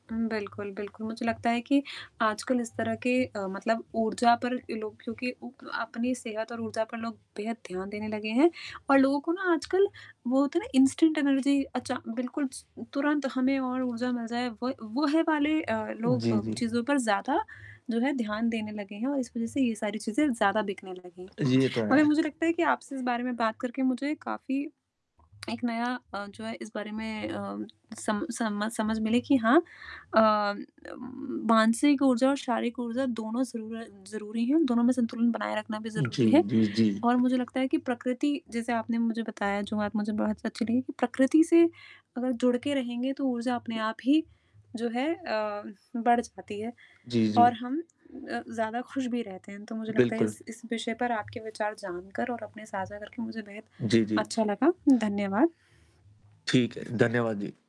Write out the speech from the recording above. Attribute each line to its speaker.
Speaker 1: उम, बिल्कुल, बिल्कुल, मुझे लगता है कि आजकल इस तरह के अ, मतलब ऊर्जा पर लोग क्योंकि उ अपनी सेहत और ऊर्जा पर लोग बेहद ध्यान देने लगे हैं और लोगों को ना आजकल वो होता है ना इंस्टेंट एनर्जी अचा बिल्कुल स तुरंत हमें और ऊर्जा मिल जाए वो वो हे वाले अ,
Speaker 2: जी,
Speaker 1: लोग
Speaker 2: जी।
Speaker 1: चीज़ों पर ज़्यादा जो है ध्यान देने लगे हैं और इस वजह से ये सारी चीज़ें ज़्यादा बिकने लगी हैं।
Speaker 2: ये तो
Speaker 1: मगर
Speaker 2: है।
Speaker 1: मुझे लगता है कि आपसे इस बारे में बात करके मुझे काफ़ी एक नया अ, जो है इस बारे में अ, सम समझ समझ मिले कि हाँ अ, मानसिक ऊर्जा और शारीरिक ऊर्जा दोनों ज़रूर ज़रूरी हैं दोनों में संतुलन बनाए रखना भी
Speaker 2: जी,
Speaker 1: ज़रूरी है
Speaker 2: जी, जी।
Speaker 1: और मुझे लगता है कि प्रकृति जैसे आपने मुझे बताया जो बात मुझे बहुत अच्छी लगी कि प्रकृति से अगर जुड़ के रहेंगे तो ऊर्जा अपने आप ही, जो है अ, बढ़ जाती है
Speaker 2: जी, जी।
Speaker 1: और हम अ, ज़्यादा खुश भी रहते हैं, तो मुझे लगता है
Speaker 2: बिल्कुल।
Speaker 1: इस इस विषय पर आपके विचार जानकर और अपने साझा करके मुझे बेहद
Speaker 2: जी, जी।
Speaker 1: अच्छा लगा। धन्यवाद।
Speaker 2: ठीक है, धन्यवाद जी।